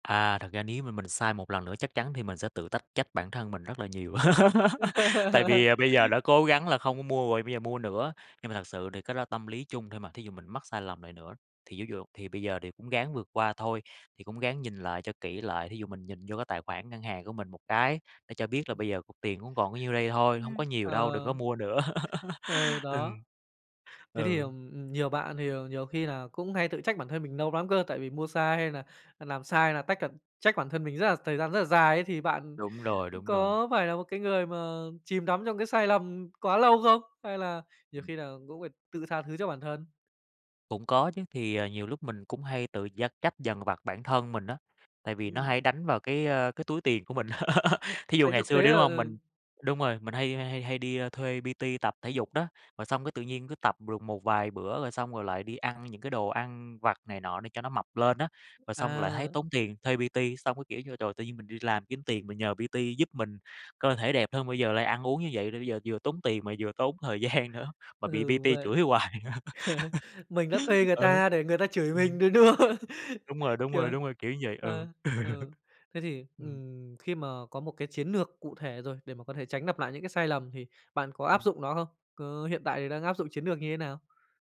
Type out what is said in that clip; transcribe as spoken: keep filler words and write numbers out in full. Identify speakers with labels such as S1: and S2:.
S1: À, thật ra nếu mà mình sai một lần nữa, chắc chắn thì mình sẽ tự tách trách bản thân mình rất là nhiều, tại vì, à, bây giờ đã cố gắng là không có mua rồi, bây giờ mua nữa. Nhưng mà thật sự thì cái đó là tâm lý chung thôi mà, thí dụ mình mắc sai lầm lại nữa, thì ví dụ thì bây giờ thì cũng ráng vượt qua thôi, thì cũng ráng nhìn lại cho kỹ lại, thí dụ mình nhìn vô cái tài khoản ngân hàng của mình một cái, để cho biết là bây giờ cục tiền cũng còn có nhiêu đây thôi, hông có
S2: Ưm,
S1: nhiều đâu, đừng có
S2: ờ.
S1: mua nữa.
S2: Ừ, đó.
S1: Ừm,
S2: Thế thì,
S1: ừ.
S2: ừm, ừm, nhiều bạn thì nhiều khi nà cũng hay tự trách bản thân mình nâu lắm cơ tại vì mua xa hay nà, ờ, nàm sai là tách, ờ trách bản thân mình rất là thời gian rất là dài ấy, thì bạn
S1: Đúng rồi, đúng rồi.
S2: có phải là một cái người mà chìm đắm trong cái sai lầm quá lâu không? Hay là nhiều khi là cũng phải tự tha thứ cho bản thân?
S1: Cũng có chứ. Thì, à, nhiều lúc mình cũng hay tự dắt trách dằn vặt bản thân mình á, tại vì nó
S2: Ừm.
S1: hay đánh vào cái, a, cái túi tiền của mình. Thí dụ
S2: Thấy
S1: ngày
S2: thực
S1: xưa
S2: tế
S1: đi,
S2: là
S1: đúng hông?
S2: ừ.
S1: Mình đúng rồi, mình hay hay hay hay đi, a, thuê P-T tập thể dục đó, rồi xong cái tự nhiên cứ tập được một vài bữa, rồi xong rồi lại đi ăn những cái đồ ăn vặt này nọ để cho nó mập lên á. Rồi xong rồi lại thấy
S2: À.
S1: tốn tiền thuê P-T, xong cái, kiểu như, trời, tự nhiên mình đi làm kiếm tiền mình nhờ P-T giúp mình cơ thể đẹp hơn, bây giờ lại ăn uống như vậy, rồi bây giờ vừa tốn tiền mà vừa tốn thời gian nữa, mà
S2: Ừ,
S1: bị
S2: đúng
S1: P-T
S2: vậy.
S1: chửi hoài.
S2: Mình đã thuê người
S1: Ừ,
S2: ta để người ta chửi mình
S1: ừm.
S2: nữa, đúng không?
S1: Đúng rồi, đúng rồi,
S2: Kiểu,
S1: đúng rồi, kiểu như vậy, ừ.
S2: ờ, ừ, thế thì,
S1: Ừm.
S2: ừm, khi mà có một cái chiến nược cụ thể rồi để mà có thể tránh nặp lại những cái sai lầm, thì bạn có áp
S1: Ừm.
S2: dụng nó không? Có hiện tại thì đang áp dụng chiến nược như thế nào?